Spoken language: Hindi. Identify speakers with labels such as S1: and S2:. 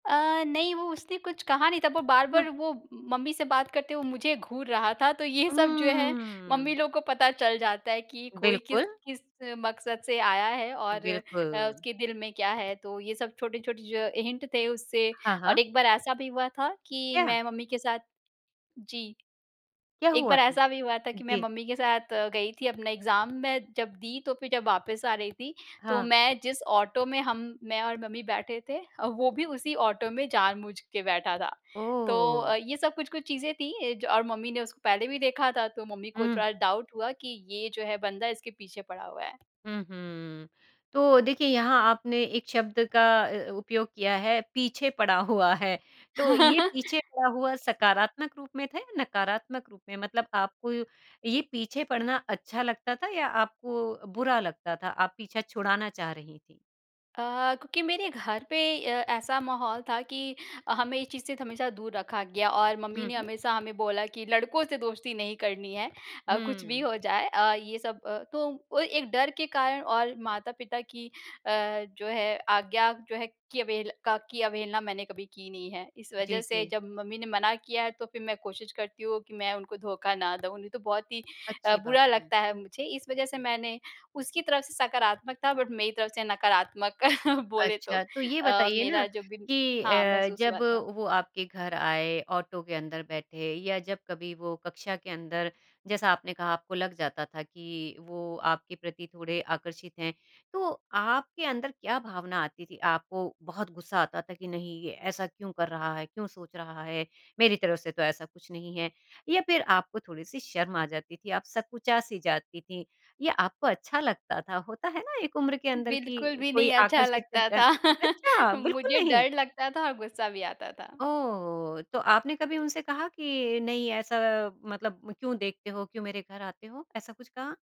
S1: अ, नहीं वो उसने कुछ कहा नहीं था पर वो
S2: हाँ।
S1: बार-बार वो मम्मी से बात करते हुए मुझे घूर रहा था, तो ये सब जो है मम्मी
S2: हम्म।
S1: लोग को पता चल जाता है कि कोई किस
S2: बिल्कुल।
S1: किस मकसद से आया है और अ,
S2: बिल्कुल।
S1: उसके दिल में क्या है? तो ये सब छोटे-छोटे जो हिंट थे उससे
S2: हाँ,
S1: और
S2: हाँ।
S1: एक बार ऐसा भी हुआ था कि
S2: क्या?
S1: मैं मम्मी के साथ जी।
S2: क्या
S1: एक
S2: हुआ
S1: बार
S2: था?
S1: ऐसा भी हुआ था कि मैं
S2: जी।
S1: मम्मी के साथ अ, गई थी अपना एग्ज़ाम में जब दी तो फिर जब वापस आ रही थी तो
S2: हाँ।
S1: मैं जिस ऑटो में हम, मैं और मम्मी बैठे थे वो भी उसी ऑटो में जानबूझ के बैठा था। तो
S2: ओह!
S1: अ, ये सब कुछ-कुछ चीज़ें थीं और मम्मी ने उसको पहले भी देखा था तो मम्मी को
S2: हुँ।
S1: थोड़ा डाउट हुआ कि ये जो है बंदा इसके पीछे पड़ा हुआ है।
S2: हुँ, हुँ। तो देखिए यहाँ आपने एक शब्द का अ, उपयोग किया है पीछे पड़ा हुआ है। तो ये पीछे पड़ा हुआ सकारात्मक रूप में था या नकारात्मक रूप में? मतलब आपको ये पीछे पड़ना अच्छा लगता था या आपको बुरा लगता था आप पीछा छुड़ाना चाह रही थीं?
S1: अ, क्योंकि मेरे घर पे अ, ऐसा माहौल था कि हमें इस चीज़ से हमेशा दूर रखा गया और मम्मी
S2: हुँ,
S1: ने
S2: हुँ।
S1: हमेशा हमें बोला कि लड़कों से दोस्ती नहीं करनी है अ, कुछ भी
S2: हुँ।
S1: हो जाए अ, ये सब। अ, तो वो एक डर के कारण और माता-पिता की अ, जो है आज्ञा जो है कि अवहेल का की अवहेलना मैंने कभी की नहीं है। इस वज़ह
S2: जी,
S1: से
S2: जी।
S1: जब मम्मी ने मना किया है तो फिर मैं कोशिश करती हूँ कि मैं उनको धोखा ना दूँ नहीं तो बहुत ही अ,
S2: अच्छी बात
S1: बुरा
S2: है।
S1: लगता है मुझे इस वज़ह से मैंने उसकी तरफ से सकारात्मक था बट मेरी तरफ से नकारात्मक बोले तो
S2: अच्छा, तो ये
S1: अ,
S2: बताइए ना
S1: मेरा जो भी
S2: कि
S1: हाँ
S2: अ,
S1: महसूस हुआ
S2: जब
S1: था।
S2: वो आपके घर आए ऑटो के अंदर बैठे, या जब कभी वो कक्षा के अंदर जैसा आपने कहा आपको लग जाता था कि वो आपके प्रति थोड़े आकर्षित हैं, तो आपके अंदर क्या भावना आती थी? आपको बहुत गुस्सा आता था कि नहीं ये ऐसा क्यों कर रहा है? क्यों सोच रहा है? मेरी तरफ से तो ऐसा कुछ नहीं है या फिर आपको थोड़ी-सी शर्म आ जाती थी आप सकुचा-सी जाती थीं ये आपको अच्छा लगता था होता है ना एक उम्र के अंदर की
S1: बिल्कुल भी
S2: कोई
S1: नहीं अच्छा
S2: आकर्षित
S1: लगता
S2: अ,
S1: था
S2: अच्छा बिल्कुल
S1: मुझे
S2: नहीं।
S1: डर लगता था और गुस्सा भी आता था।
S2: ओह! तो आपने कभी उनसे कहा कि नहीं ऐसा मतलब क्यों देखते हो? क्यों मेरे घर आते हो, ऐसा कुछ कहा?